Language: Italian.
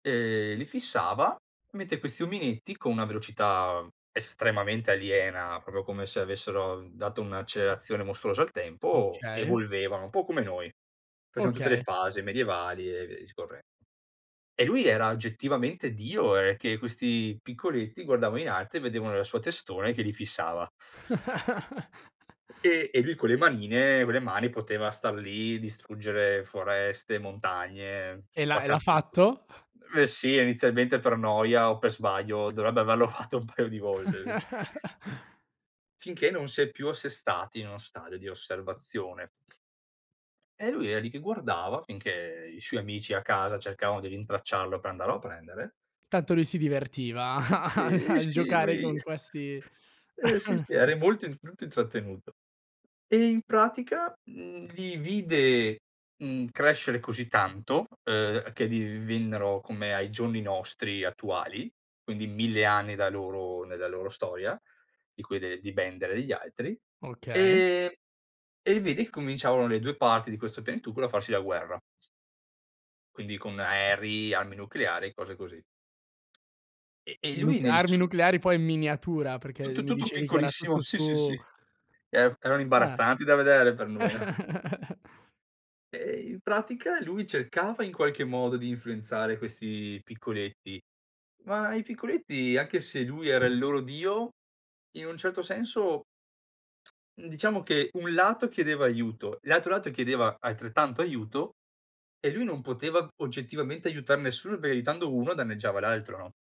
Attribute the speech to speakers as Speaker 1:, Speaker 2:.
Speaker 1: Ehm, li fissava, mentre questi ominetti con una velocità, mhmm, estremamente aliena, proprio come se avessero dato un'accelerazione mostruosa al tempo,
Speaker 2: Okay.
Speaker 1: evolvevano un po' come noi. Facevano tutte le
Speaker 2: Okay.
Speaker 1: fasi medievali e via discorrendo. E lui era oggettivamente Dio, ehm, che questi piccoletti guardava in alto e vedevano la sua testona che li fissava. E e lui con le manine vo le mani poteva star lì, distruggere foreste, montagne,
Speaker 2: E l'ha e l'ha
Speaker 1: spaccar tutto.
Speaker 2: fatto?
Speaker 1: Beh, sì, inizialmente per noia o per sbaglio dovrebbe averlo fatto un paio di volte, sì. Finché non si è più assestati in uno stadio di osservazione. E lui era lì che guardava, finché i suoi amici a casa cercavano di rintracciarlo per andarlo a prendere
Speaker 2: Tanto lui si divertiva a a
Speaker 1: Ehm,
Speaker 2: a
Speaker 1: sì,
Speaker 2: giocare
Speaker 1: lui
Speaker 2: con questi
Speaker 1: eh, sì, sì, eri molto molto intrattenuto. E in pratica, mhmm, li vide, mhmm, crescere così tanto, uhm, che divennero come ai giorni nostri attuali, quindi 1000 anni da loro nella loro storia, di quelle di Bender e gli altri,
Speaker 2: Okay.
Speaker 1: e e lì vedi che cominciavano le 2 parti di questo pianetucolo a farsi la guerra. Quindi con aerei, armi nucleari e cose così. E e lui
Speaker 2: Nuc
Speaker 1: nel
Speaker 2: armi
Speaker 1: su
Speaker 2: nucleari poi in miniatura
Speaker 1: Tu
Speaker 2: perché
Speaker 1: tu
Speaker 2: mi
Speaker 1: tutto
Speaker 2: dicevi che era
Speaker 1: piccolissimo,
Speaker 2: tutto
Speaker 1: sì, sì,
Speaker 2: su
Speaker 1: sì. Ef erano
Speaker 2: Eh.
Speaker 1: imbarazzanti da vedere per noi. Eh, in pratica lui cercava in qualche modo di influenzare questi piccoletti, ma i piccoletti anche se lui era il loro Dio, in un certo senso mhmm, diciamo che un lato chiedeva aiuto, l'altro lato chiedeva altrettanto aiuto, e lui non poteva oggettivamente aiutare nessuno perché aiutando uno, danneggiava l'altro, no?